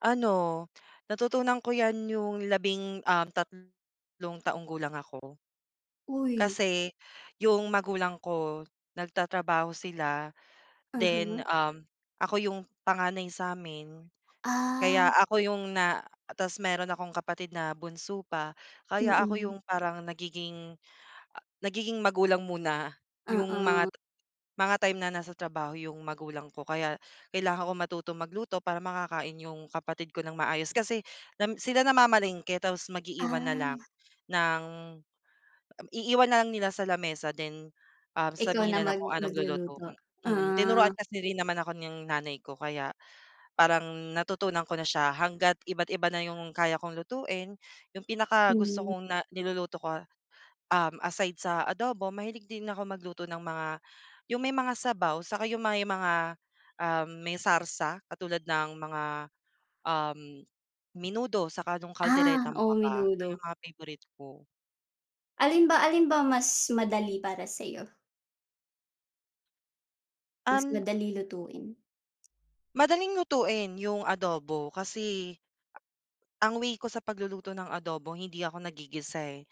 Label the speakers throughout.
Speaker 1: Ano, natutunan ko 'yan yung labing, um, tat tatlong gulang ako.
Speaker 2: Uy.
Speaker 1: Kasi yung magulang ko nagtatrabaho sila then,
Speaker 2: Mhm.
Speaker 1: um, ako yung panganay sa'min. Kaya
Speaker 2: Ah.
Speaker 1: ako yung na tas meron akong kapatid na bunso pa kaya ako
Speaker 2: Mm.
Speaker 1: yung parang nagiging nagiging magulang muna yung mga
Speaker 2: Oo.
Speaker 1: mga time na nasa trabaho yung magulang ko kaya kailangan ko matutong magluto para makakain yung kapatid ko ng maayos. Kasi nam sila namamalengke tapos mag-iiwan na lang
Speaker 2: Ah.
Speaker 1: ng, um, iiwan na lang nila sa lamesa then, um,
Speaker 2: Ikaw na
Speaker 1: sabihin na lang
Speaker 2: mag
Speaker 1: kung anong luluto,
Speaker 2: magluluto.
Speaker 1: mm. Tinuruan
Speaker 2: Ah.
Speaker 1: kasi rin naman ako ng nanay ko kaya parang natutunan ko na siya hangga't iba't iba na 'yong kaya kong lutuin. 'Yong pinakagusto
Speaker 2: Hmm.
Speaker 1: kong na niluluto ko, um, aside sa adobo, mahilig din ako magluto ng mga 'yong may mga sabaw saka 'yong may mga, um, may sarsa katulad ng mga, um, menudo saka nung
Speaker 2: Ah,
Speaker 1: calderetang
Speaker 2: oh,
Speaker 1: baka,
Speaker 2: menudo.
Speaker 1: mga favorite ko.
Speaker 2: Alin ba alin ba mas madali para sa'yo? Mas
Speaker 1: Um
Speaker 2: madali lutuin?
Speaker 1: Madaling lutuin yung adobo kasi ang way ko sa pagluluto ng adobo hindi ako naggigisa, eh.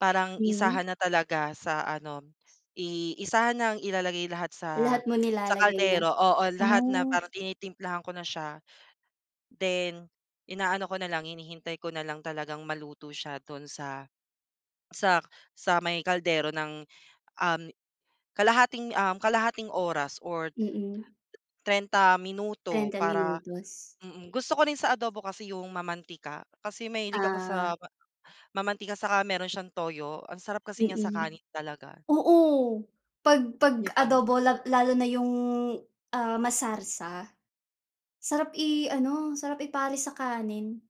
Speaker 1: Parang
Speaker 2: Hmm.
Speaker 1: isahan na talaga sa ano, i isahan nang ilalagay lahat sa
Speaker 2: Lahat mo
Speaker 1: sa
Speaker 2: nilalagay na?
Speaker 1: kaldero, oo. Lahat na
Speaker 2: Oh.
Speaker 1: parang tinitimplahan ko na siya. Then, inaano ko na lang, hinihintay ko na lang talagang maluto siya dun sa sa sa may kaldero ng, um, kalahating, um, kalahating oras or
Speaker 2: Mm.
Speaker 1: 30 minuto
Speaker 2: Trenta
Speaker 1: para
Speaker 2: minutos.
Speaker 1: mm. Gusto ko rin sa adobo kasi yung mamantika. Kasi mahilig ako
Speaker 2: Ah.
Speaker 1: sa mamantika saka meron siyang toyo, ang sarap kasi niya sa
Speaker 2: Mm.
Speaker 1: kanin talaga.
Speaker 2: Oo, 'pag 'pag
Speaker 1: Di ba?
Speaker 2: adobo la lalo na yung, ah, masarsa. Sarap i-ano, sarap i-pares sa kanin.